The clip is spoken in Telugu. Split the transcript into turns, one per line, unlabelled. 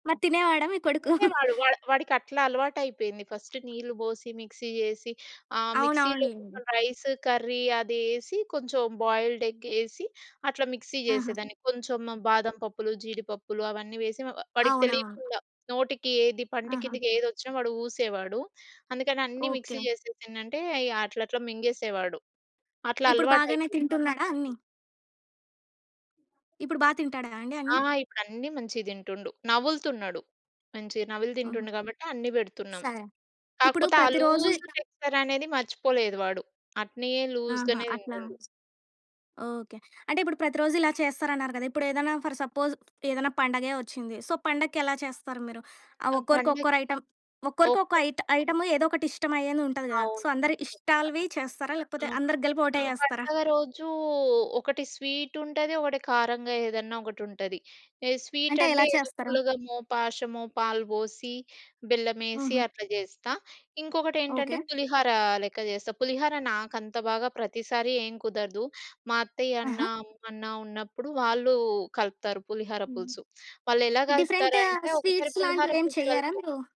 మరి తినేవాడా మీ కొడుకు?
తినేవాడు. వాడు వాడికట్లా అలవాటైపోయింది. ఫస్ట్ నీళ్ళు పోసి మిక్సీ చేసి ఆహ్, మిక్సీలో
అవునవునులేండి.
రైస్ కర్రీ అదేసి కొంచెం బాయిల్డ్ ఎగ్ ఏసి అట్లా మిక్సీ
ఆహా!
చేసేదాన్ని. కొంచెం బాదం పప్పులు, జీడిపప్పులు అవన్నీ ఏసి వ వాడికి
అవునవును.
తెలీకుండా నోటికి ఏది పంటి
ఆహా!
కిందకేదొచ్చినా వాడు ఊసేవాడు. అందుకని అన్నీ
ఓకే.
మిక్సీ చేసేసి ఏంటంటే అట్లా అట్లా మింగేసేవాడు. అట్లా
ఇప్పుడు బాగానే
అలవాటైపోయింది వాడికి.
తింటున్నాడా అన్ని? ఇప్పుడు బా తింటాడా అండి
ఆ!
అన్ని?
ఇప్పుడు అన్నీ మంచిగా తింటుండు. నములుతున్నాడు. మంచిగా నమిలి
హుహు.
తింటుండు కాబట్టి అన్నీ
స
పెడుతున్నాం.
ఇప్పుడు
కాకపోతే ఆ
ప్రతిరోజు
లూజ్
ఇలా
టెక్స్చర్ అనేది మర్చిపోలేదు వాడు. అట్లే లూజ్‌
ఆహా!
గానే
అట్లా
తింటుండు.
ఓకే. అంటే ఇప్పుడు ప్రతిరోజు ఇలా చేస్తరన్నారు గదా! ఇప్పుడేదైనా ఫర్ సపోజ్ ఏదైనా పండగే వచ్చింది. సో పండక్కేలా చేస్తారు మీరు? ఆహ్,
ఆహ్,
ఒక్కోరికి
పండక్కి
ఒక్కోరు ఐటెమ్ ఒక్కరికి ఒక్కో
ఒక్కొ
ఐ ఐటెమ్ ఏదో ఒకటిష్టం అయ్యేదుంటది గదా! సో
అవును.
అందరి
తప్పకుండా.
ఇష్టాలువి చేస్తారా?
ఆ!
లేకపోతే అందరికి కలిపి ఒకటే చేస్తారా?
పండగ రోజూ ఒకటి స్వీట్ ఉంటది. ఒకటి కారంగా ఏదన్నా ఒకటుంటది. స్వీట్
అంటే
అంటే
ఎలా
ఏదో
చేస్తారు?
పులగమో, పాశమో పాలు బోసి, బెల్లమేసి
హుహు.
అట్లా చేస్తా. ఇంకొకటేంటంటే
ఓకే.
పులిహోర లెక్క చేస్తా. పులిహోర నాకంత బాగా ప్రతిసారి ఏం కుదరదు. మా
ఆహా!
అత్తయ్యన్నా, అమ్మన్నా ఉన్నప్పుడు వాళ్ళు కలుపుతారు పులిహోర
హ్మ్.
పులుసు. వాళ్ళెలా
డిఫరెంటు
కలుపుతారంటే ఒకసారి
స్వీట్స్
పులిహోర
లాంటివేం
పులుసు
చెయ్యరా
కలిపి
మీరు?